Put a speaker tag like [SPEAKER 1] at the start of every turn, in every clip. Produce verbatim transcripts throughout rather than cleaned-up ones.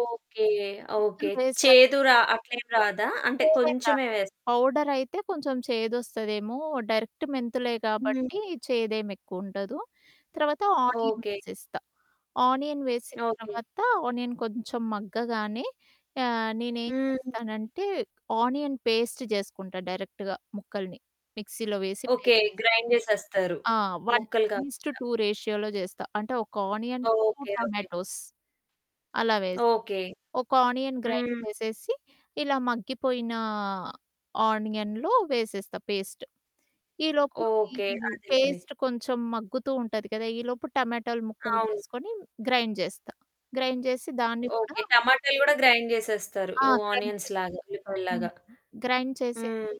[SPEAKER 1] Okay. Okay.
[SPEAKER 2] మెంతులు వేశాకా
[SPEAKER 1] చేదు రా అట్లేమి రాదా? అంటే
[SPEAKER 2] చేదేం
[SPEAKER 1] కొంచెమే
[SPEAKER 2] రాదు.
[SPEAKER 1] వేస్
[SPEAKER 2] పౌడరయితే కొంచెం చేదొస్తదేమో డైరెక్టు మెంతులే
[SPEAKER 1] హ్మ్.
[SPEAKER 2] కాబట్టి చేదేమి ఎక్కువుండదు. తర్వాత
[SPEAKER 1] ఓకే.
[SPEAKER 2] ఆనియన్సేస్తా. ఆనియన్ వేసిన
[SPEAKER 1] ఓకే.
[SPEAKER 2] తర్వాత ఆనియన్ కొంచెం మగ్గగానే, ఆహ్, నేనేం
[SPEAKER 1] హ్మ్.
[SPEAKER 2] చేస్తానంటే క్ ఆనియన్ పేస్ట్ జేసుకుంటా డైరెక్ట్‌గా ముక్కలని. మిక్సీలో వేసి పేస్ట్
[SPEAKER 1] ఓకే.
[SPEAKER 2] చేసుకుంటా.
[SPEAKER 1] గ్రైండ్ చేసేస్తారు.
[SPEAKER 2] ఆ! వన్
[SPEAKER 1] ముక్కలు
[SPEAKER 2] వన్ ఇస్ టు
[SPEAKER 1] కాకుండా.
[SPEAKER 2] టూ రేషియోలో చేస్తా. అంటే ఒక onion two
[SPEAKER 1] okay. Okay.
[SPEAKER 2] Tomatoes. అలా వేసి,
[SPEAKER 1] ఓకే.
[SPEAKER 2] ఒక ఆనియన్ గ్రైండ్
[SPEAKER 1] హ్మ్.
[SPEAKER 2] చేసేసి ఇలా మగ్గిపోయిన ఆనియన్‌లో వేసేస్తా పేస్టు. ఈలోపు ఈ
[SPEAKER 1] ఓకే. అదేలెండి.
[SPEAKER 2] పేస్ట్ కొంచెం మగ్గుతూ ఉంటది కదా! ఈలోపు టమాటోలు ముక్కలు
[SPEAKER 1] అవును.
[SPEAKER 2] వేసుకొని గ్రైండ్ జేస్తా. గ్రైండ్ జేసి దాన్ని కూడా
[SPEAKER 1] ఓకే. టమాటాలు గూడా గ్రైండ్ జేసేస్తారు.
[SPEAKER 2] ఆ!
[SPEAKER 1] ఉ
[SPEAKER 2] గ్రైండ్
[SPEAKER 1] ఆనియన్స్
[SPEAKER 2] జేసేస్తా.
[SPEAKER 1] లాగా ఉల్లిపాయలు
[SPEAKER 2] హ్మ్.
[SPEAKER 1] లాగా.
[SPEAKER 2] గ్రైండ్ చేసేసి,
[SPEAKER 1] హ్మ్.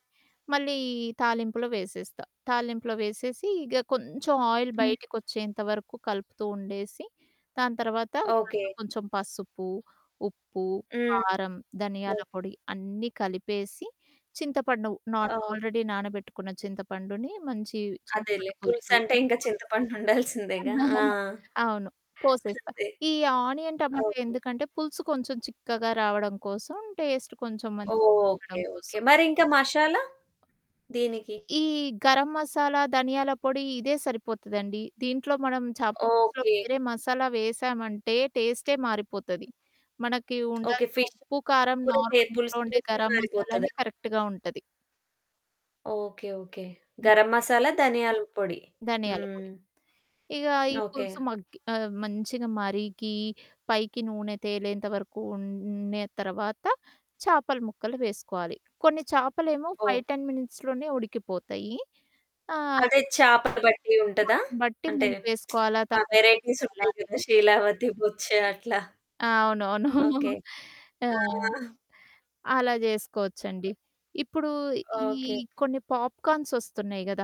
[SPEAKER 2] మళ్ళీ తాలింపులో వేసేస్తా. తాలింపులో వేసేసి ఇగ కొంచెం ఆయిల్
[SPEAKER 1] హ్మ్.
[SPEAKER 2] బయటికొచ్చేంత వరకు కలుపుతూ ఉండేసి, దాని తర్వాత దాంట్లో
[SPEAKER 1] ఓకే.
[SPEAKER 2] కొంచెం పసుపు, ఉప్పు,
[SPEAKER 1] హ్మ్.
[SPEAKER 2] కారం, ధనియాల
[SPEAKER 1] హ్మ్.
[SPEAKER 2] పొడి అన్నీ కలిపేసి చింతపండు నా
[SPEAKER 1] ఆ!
[SPEAKER 2] ఆల్రెడీ నానబెట్టుకున్న చింతపండుని మంచి
[SPEAKER 1] అదేలే.
[SPEAKER 2] చింతపండు పులుసు
[SPEAKER 1] పులుసంటే ఇంకా
[SPEAKER 2] పోసేస్తా
[SPEAKER 1] చింతపండు ఉండాల్సిందేగా ఆ!
[SPEAKER 2] అవును పోసేస్తా.
[SPEAKER 1] అంతే
[SPEAKER 2] ఈ ఆనియన్ టమాటా
[SPEAKER 1] అవును.
[SPEAKER 2] ఎందుకంటే పులుసు కొంచెం చిక్కగా రావడం కోసం, టేస్ట్ కొంచెం మంచిగా
[SPEAKER 1] ఓకే.
[SPEAKER 2] ఉండడం
[SPEAKER 1] ఓకే.
[SPEAKER 2] కోసం.
[SPEAKER 1] మరి ఇంకా మసాలా దీనికి?
[SPEAKER 2] ఈ గరం మసాలా ధనియాల పొడి ఇదే సరిపోతదండి. దీంట్లో మనం చాపల పులుసులో
[SPEAKER 1] ఓకే.
[SPEAKER 2] వేరే మసాలా వేసామంటే టేస్టే మారిపోతది. మనకి
[SPEAKER 1] ఓకే.
[SPEAKER 2] ఉండాల్సిన
[SPEAKER 1] ఫిష్
[SPEAKER 2] ఉప్పు, కారం,
[SPEAKER 1] కూర చే
[SPEAKER 2] నార్మల్ ఇంట్లో
[SPEAKER 1] పులుసు
[SPEAKER 2] ఉండే
[SPEAKER 1] టేస్టే
[SPEAKER 2] గరం మసాలా
[SPEAKER 1] మారిపోతదా?
[SPEAKER 2] అని కరెక్ట్‌గా ఉంటది.
[SPEAKER 1] ఓకే. ఓకే.
[SPEAKER 2] హ్మ్.
[SPEAKER 1] గరం మసాలా, ధనియాల పొడి. హ్మ్.
[SPEAKER 2] ధనియాలపొడి. ఇగ ఈ
[SPEAKER 1] ఓకే.
[SPEAKER 2] పులుసు మగ్గి ఆహ్, మంచిగా మరిగి పైకి నూనె తేలేంత వరకు ఉండే తరువాత చేపల ముక్కలు వేసుకోవాలి. కొన్ని చేపలేమో
[SPEAKER 1] ఓకే.
[SPEAKER 2] ఫైవ్ టెన్ మినిట్స్‌లోనే ఉడికిపోతాయి. ఆ!
[SPEAKER 1] అదే చేపను బట్టి ఉంటదా?
[SPEAKER 2] దాని బట్టి
[SPEAKER 1] అంటే,
[SPEAKER 2] ముందు వేసుకోవాలా!
[SPEAKER 1] ఆ
[SPEAKER 2] తర్వాత
[SPEAKER 1] వేరైటీస్
[SPEAKER 2] వేసుకోవాలా
[SPEAKER 1] ఉంటాయి కదా!
[SPEAKER 2] అనేది
[SPEAKER 1] షీలావతి,
[SPEAKER 2] చూసుకోవాలి.
[SPEAKER 1] బొచ్చ అట్లా.
[SPEAKER 2] ఆ! అవునవును.
[SPEAKER 1] ఓకే.
[SPEAKER 2] ఆ!
[SPEAKER 1] ఆ!
[SPEAKER 2] అలా చేసుకోవచ్చండి. ఇప్పుడు ఈ
[SPEAKER 1] ఓకే.
[SPEAKER 2] కొన్ని పాప్‌కార్న్స్ వస్తున్నాయి గదా!